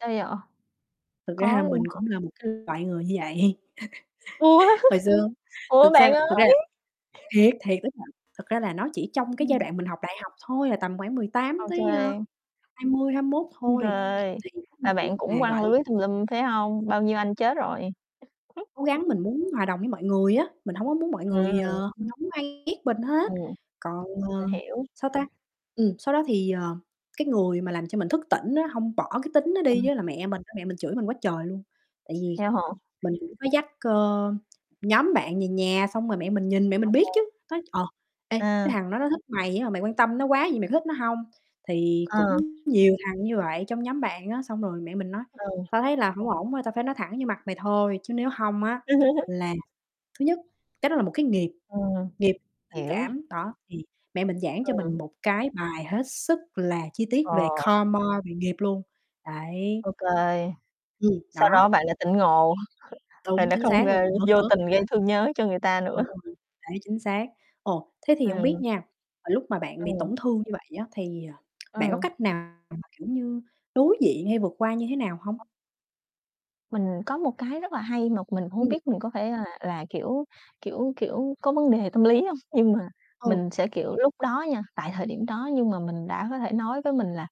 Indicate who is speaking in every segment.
Speaker 1: Sao vậy?
Speaker 2: Thực ra
Speaker 1: Có
Speaker 2: là mình
Speaker 1: luôn
Speaker 2: cũng
Speaker 1: hả?
Speaker 2: là một cái loại người như vậy.
Speaker 1: Ủa?
Speaker 2: Hồi xưa,
Speaker 1: Ủa,
Speaker 2: thực
Speaker 1: bạn
Speaker 2: xa
Speaker 1: ơi.
Speaker 2: thực ra là thiệt, thiệt đó bạn, thật ra là nó chỉ trong cái giai
Speaker 1: Ừm.
Speaker 2: đoạn mình học đại học thôi, là tầm khoảng 18
Speaker 1: Ô
Speaker 2: tới, a,
Speaker 1: kê.
Speaker 2: 20, 21
Speaker 1: Ôi
Speaker 2: thôi,
Speaker 1: trời,
Speaker 2: thì
Speaker 1: là
Speaker 2: [unintelligible]
Speaker 1: bạn
Speaker 2: mà
Speaker 1: cũng quăng
Speaker 2: gọi
Speaker 1: lưới tùm lum, phải hông? Bao nhiêu anh chết rồi?
Speaker 2: cố gắng mình muốn hòa đồng với mọi người á, mình hổng có muốn mọi người,
Speaker 1: Ừm.
Speaker 2: ờ, hổng ai ghét mình hết,
Speaker 1: Ừm.
Speaker 2: còn,
Speaker 1: Mình
Speaker 2: ờ,
Speaker 1: hiểu.
Speaker 2: sao ta? Ừm, sau đó thì, ờ, cái người mà làm cho mình thức tỉnh á, hông bỏ cái tính nó đi
Speaker 1: Ừm.
Speaker 2: á là mẹ mình á. Mẹ mình chửi mình quá trời luôn, tại vì
Speaker 1: Theo hả?
Speaker 2: mình cũng có dắt, ờ, nhóm bạn về nhà, xong rồi mẹ mình nhìn, mẹ mình biết
Speaker 1: OK.
Speaker 2: chứ, nói, ờ: "Ê, cái
Speaker 1: À.
Speaker 2: thằng đó nó thích mày á, mà mày quan tâm nó quá vậy, mày có thích nó hông?" Thì cũng
Speaker 1: À.
Speaker 2: nhiều thằng như vậy trong nhóm bạn á, xong rồi mẹ mình nói:
Speaker 1: Ừ.
Speaker 2: "Tao thấy là hổng ổn, thôi, tao phải nói thẳng vô mặt mày thôi, chứ nếu hông á, là thứ nhất, cái đó là một cái nghiệp,
Speaker 1: Ừm,
Speaker 2: nghiệp tình
Speaker 1: hiểu.
Speaker 2: cảm." Đó, thì mẹ mình giảng cho mình
Speaker 1: Ừm.
Speaker 2: một cái bài hết sức là chi tiết
Speaker 1: Ờ.
Speaker 2: về karma, về nghiệp luôn, đấy.
Speaker 1: Ô kê.
Speaker 2: Ừm,
Speaker 1: Sau
Speaker 2: đó.
Speaker 1: đó bạn đã tỉnh ngộ, rồi
Speaker 2: Đúng,
Speaker 1: lại
Speaker 2: chính
Speaker 1: không,
Speaker 2: xác, cho
Speaker 1: ơ,
Speaker 2: mình bớt
Speaker 1: vô
Speaker 2: bớt.
Speaker 1: tình gây thương nhớ cho người ta nữa.
Speaker 2: Ừ, đấy, chính xác. Ồ, thế thì hổng biết
Speaker 1: Ừm.
Speaker 2: nha, ờ, lúc mà bạn bị
Speaker 1: Ừm.
Speaker 2: tổn thương như vậy á thì, à, bạn có
Speaker 1: Ừm.
Speaker 2: cách nào mà, kiểu như, đối diện hay vượt qua như thế nào hông?
Speaker 1: [unintelligible] Mình có một cái rất là hay mà mình hổng
Speaker 2: Ừm.
Speaker 1: biết mình có phải là là, kiểu kiểu kiểu, có vấn đề tâm lý hông, nhưng mà
Speaker 2: Ừ.
Speaker 1: mình sẽ, kiểu, lúc đó nha, tại thời điểm đó, nhưng mà mình đã có thể nói với mình là,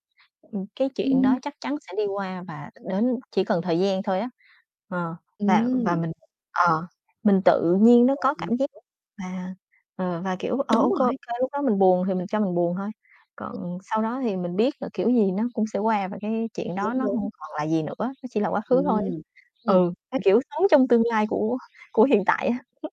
Speaker 1: ừm, cái chuyện đó
Speaker 2: Ừm.
Speaker 1: chắc chắn sẽ đi qua và đến chỉ cần thời gian thôi á. Ờ, và và
Speaker 2: Ừm.
Speaker 1: mình ờ, mình tự nhiên nó
Speaker 2: Rồi,
Speaker 1: có
Speaker 2: mình
Speaker 1: cảm giác
Speaker 2: hiểu.
Speaker 1: và, ờ, và, kiểu ờ,
Speaker 2: Đúng
Speaker 1: ô kê, ô
Speaker 2: rồi.
Speaker 1: kê. Lúc đó mình buồn thì mình cho mình buồn thôi, còn sau đó thì mình biết là kiểu gì nó cũng sẽ qua, và cái chuyện đó
Speaker 2: Đúng,
Speaker 1: nó
Speaker 2: đúng.
Speaker 1: hông còn là gì nữa, nó chỉ là quá khứ thôi.
Speaker 2: Ừm, ừm.
Speaker 1: Ừ, kiểu, sống
Speaker 2: [unintelligible]
Speaker 1: trong tương lai của của hiện tại á.